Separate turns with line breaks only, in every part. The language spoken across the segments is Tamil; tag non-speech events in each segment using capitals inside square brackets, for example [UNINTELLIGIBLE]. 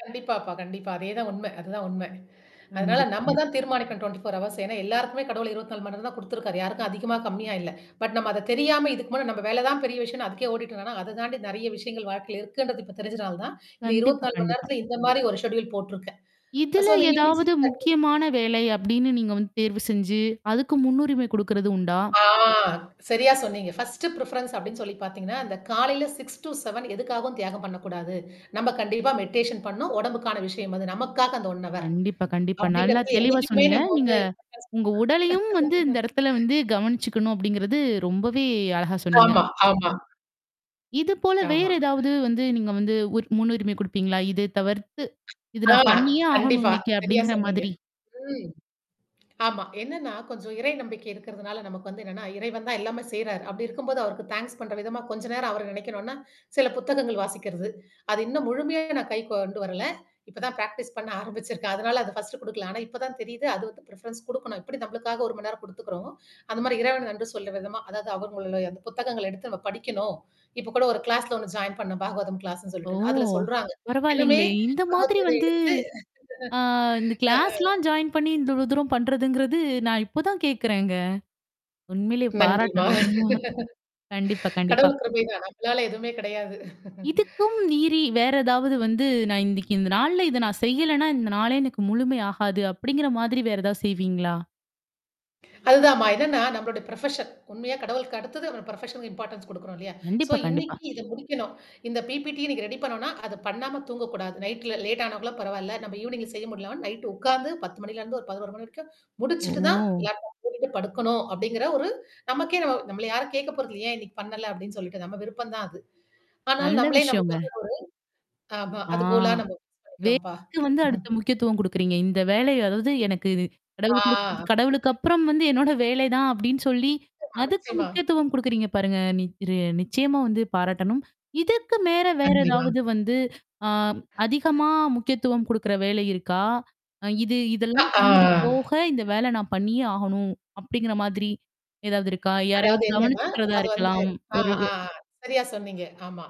கண்டிப்பாப்பா, கண்டிப்பா. அதே தான் உண்மை, அதுதான் உண்மை. அதுனால
கண்டிப்
நம்ம
கண்டிப்
தான் தீர்மானிக்கணும், 24 ஹவர்ஸ். ஏன்னா, எல்லாருக்குமே கடவுள் 24 மணி நேரம் தான் குடுத்துருக்காரு, யாருக்கும் அதிகமா கம்மியா இல்ல. பட் நம்ம அத தெரியாம இதுக்கு முன்ன நம்ம வேலை தான் பெரிய விஷயம்னு அதுக்கே ஓடிட்ருந்தோம்னா, அத தாண்டி நெறைய விஷயங்கள் வாழ்க்கையில இருக்குன்றது இப்ப தெரிஞ்சனால தான், இந்த இருபத்தி
கண்டிப்பா,
நாலு மணி
கண்டிப்பா.
நேரத்தில இந்த மாரி ஒரு செட்யூல் போட்ருக்கேன். அ
இதுல
சோ அந்த ஈவினிங்
ஏதாவது
6:30
முக்கியமான வேலை அப்படின்னு நீங்க வந்து தேர்வு செஞ்சு, அதுக்கு முன்னுரிமை குடுக்குறது உண்டா?
ஆ சரியா சொன்னீங்க. பர்ஸ்ட் ப்ரிஃபெரன்ஸ் அப்டின்னு சொல்லி பாத்தீங்கன்னா, அந்த காலையில 6 டூ 7 எதுக்காகவும் தியாகம் பண்ணக்கூடாது. நம்ம கண்டிப்பா மெடிடேஷன் பண்ணனும். உடம்புக்கான விஷயம் அது. நமக்காக அந்த 1 ஹவர்
கண்டிப்பா, கண்டிப்பா. நல்லா
அப்படிங்கிறது
தெளிவா
என்னைக்குமே
சொன்னீங்க.
நம்ம
நீங்க.
வந்து [UNINTELLIGIBLE]
உங்க உடலையும் வந்து இந்த இடத்துல
[LAUGHS]
வந்து கவனிச்சுக்கணும் அப்டிங்கிறது ரொம்பவே அழகா சொன்னீங்க.
ஆமா, ஆமா.
இது போல
ஆமா.
வேறு ஏதாவது வந்து நீங்க வந்து உரி முன்னுரிமை குடுப்பீங்களா? இது தவிர்த்து. "இது
அ
நான் பண்ணியே ஆகணும்"
கண்டிப்பா.
இன்னைக்கு
சரியா
அப்படிங்கிற
சொன்னீங்க.
மாதிரி?
ம், ஆமா, என்னன்னா கொஞ்சம் இறை நம்பிக்கை இருக்கிறதுனால நமக்கு வந்து என்னன்னா, இறைவன் தான் எல்லாமே செய்றாரு. அப்பிடி இருக்கும்போது அவருக்கு தாங்க்ஸ் பண்ற விதமா கொஞ்ச நேரம் அவர நினைக்கணுனா, சில புத்தகங்கள் வாசிக்கிறது. அது இன்னும் முழுமையா நான் கைக்கு கொண்டு வரல. இப்ப தான் பிராக்டிஸ் பண்ண ஆரம்பிச்சிருக்கேன். அதனால அத ஃபர்ஸ்ட் குடுக்கல. ஆனா இப்ப தான் தெரியுது. அது வந்து ப்ரிஃபெரன்ஸ் குடுக்கணும். எப்படி நம்மளுக்காக 1 மணி நேரம் குடுத்துக்குறோமோ. அந்த மாரி இறைவனுக்கு நன்றி சொல்ற விதமா அதாவது அவங்களுடைய அந்த புத்தகங்கள எடுத்து நம்ம படிக்கணும். இப்பக்கூட ஒரு கிளாஸ்ல 1 ஜாயின் பண்ணேன். பாகவதம் கிளாஸ்ன்னு
ஓ!
சொல்லிட்டுன்னு. அதுல சொல்றாங்க. என்னமே
பரவாயில்லங்களே! இந்த
பகவத்
மாதிரி
கீதைய
வந்து
எடுத்து
ஆ இந்த
ஆ
கிளாஸ்லாம் ஜாயின் பண்ணி, இந்த இவ்ளோ தூரம் பண்றதுங்கிறது நான் இப்ப தான் கேட்கறேங்க. உண்மையிலேயே
நன்றிமா.
பாராட்டணும். [CHUCKLES] கண்டிப்பா,
[LAUGHS]
கண்டிப்பா.
கடவுள் கிருபை தான், நம்மளால எதுவுமே கிடையாது
இதுக்கும் மீறி வேற ஏதாவது வந்து, "நான் இன்னைக்கு இந்த நாள்ல இத நான் செய்யலன்னா, இந்த நாளே எனக்கு முழுமை ஆகாது" அப்படிங்கிற மாதிரி வேற ஏதாவது செய்வீங்களா?
அதுதாமா. என்னன்னா, நம்மளுடைய ப்ரொஃபஷன் உண்மையா கடவுளுக்கு அடுத்தது நமது ப்ரொஃபஷனுக்கு இம்பார்ட்டன்ஸ் குடுக்குறோம் இல்லையா? சோ
கண்டிப்பா, கண்டிப்பா.
இன்னிக்கு இத முடிக்கணும். இந்த பிபிடி இன்னைக்கு ரெடி பண்ணோனா, அதப் பண்ணாம தூங்கக்கூடாது. நைட்ல லேட் ஆனாக்கூட பரவால்ல. நம்ம ஈவ்னிங்ல செய்ய முடியலனா நைட் உக்காந்து, 10 மணில இருந்து ஒரு 11 மணி வரைக்கும் முடிச்சுட்டு தான்
ஓ!
லேப்டாப் பூட்டிட்டு படுக்கணும், அப்படிங்கிற ஒரு நமக்கே நம்ம நம்மள யாரும் கேட்க போறததுல்ல, "ஏன் இன்னைக்கு பண்ணல?" அப்படின்னு சொல்லிட்டு, நம்ம விருப்பம் தான் அது. ஆனாலும்
நல்ல
நம்மளே
விஷயங்க.
நம்மளுக்கு வந்து ஒரு ஆமா
ஆ.
அது கோலா [UNINTELLIGIBLE] வைக்குறோம்ப்பா.
வேலைக்கு வந்து அடுத்த
[CHUCKLES]
முக்கியத்துவம் குடுக்குறீங்க. இந்த வேலை அதாவது எனக்கு இது கடவுள் குடுத்தது,
ஆ.
கடவுளுக்கு அப்புறம் வந்து என்னோட வேலை தான் அப்படின்னு சொல்லி
நிச்சயமா,
அதுக்கு
நிச்சயமா.
முக்கியத்துவம் குடுக்குறீங்க பாருங்க. நிக் ரெ நிச்சயமா வந்து பாராட்டணும். இதுக்கு மேல வேற
[UNINTELLIGIBLE]
ஏதாவது வந்து அ அதிகமா முக்கியத்துவம் குடுக்குற வேலை இருக்கா? அ இது
அ
இதெல்லாம்
ஆ.
பண்ணது போக, "இந்த வேல நான் பண்ணியே ஆகணும்" அப்டிங்கிற மாதிரி ஏதாவது இருக்கா?
அதாவது
யாரையாவது
என்னன்னா,
கவனிச்சுக்கிறதா
அது வந்து
இருக்கலாம்.
ஆ
ஒரு வே
ஆ, ஆ, சரியா சொன்னீங்க. ஆமா,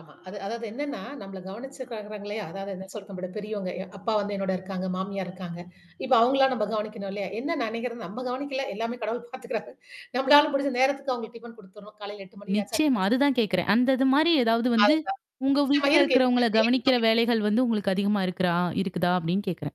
ஆமா, அது அதாவது என்னன்னா, நம்மள கவனிச்சுக்கிறாங்கள்லயா? அதாவது என்ன சொல்றது? நம்மளவிட பெரியவங்க எ அப்பா வந்து என்னோட இருக்காங்க, மாமியார் இருக்காங்க. இப்ப அவுங்களெல்லாம் நம்ம கவனிக்கணும் இல்லையா? என்ன நினைக்கிறது, நம்ம கவனிக்கல, எல்லாமே கடவுள் பாத்துக்கிறாரு. நம்மளால முடிஞ்ச நேரத்துக்கு அவுங்களுக்கு டிஃபன் குடுத்துறோம், காலையில 8 மணி ஆச்சா?
நிச்சயமா,
டிஃபன் செஞ்
அதுதான்
குடு
கேட்கறேன். அந்த இது மாரி ஏதாவது வந்து
அதுதான்,
உங்க
நிச்சயமா
வீட்ல
இருக்கு,
இருக்கிறவங்கள
இருக்கு. டெய்லி
கவனிக்கிற
[UNINTELLIGIBLE]
வேலைகள் வந்து உங்களுக்கு அதிகமா இருக்குறா இருக்குதா? அப்டின்னு கேக்கிறேன்.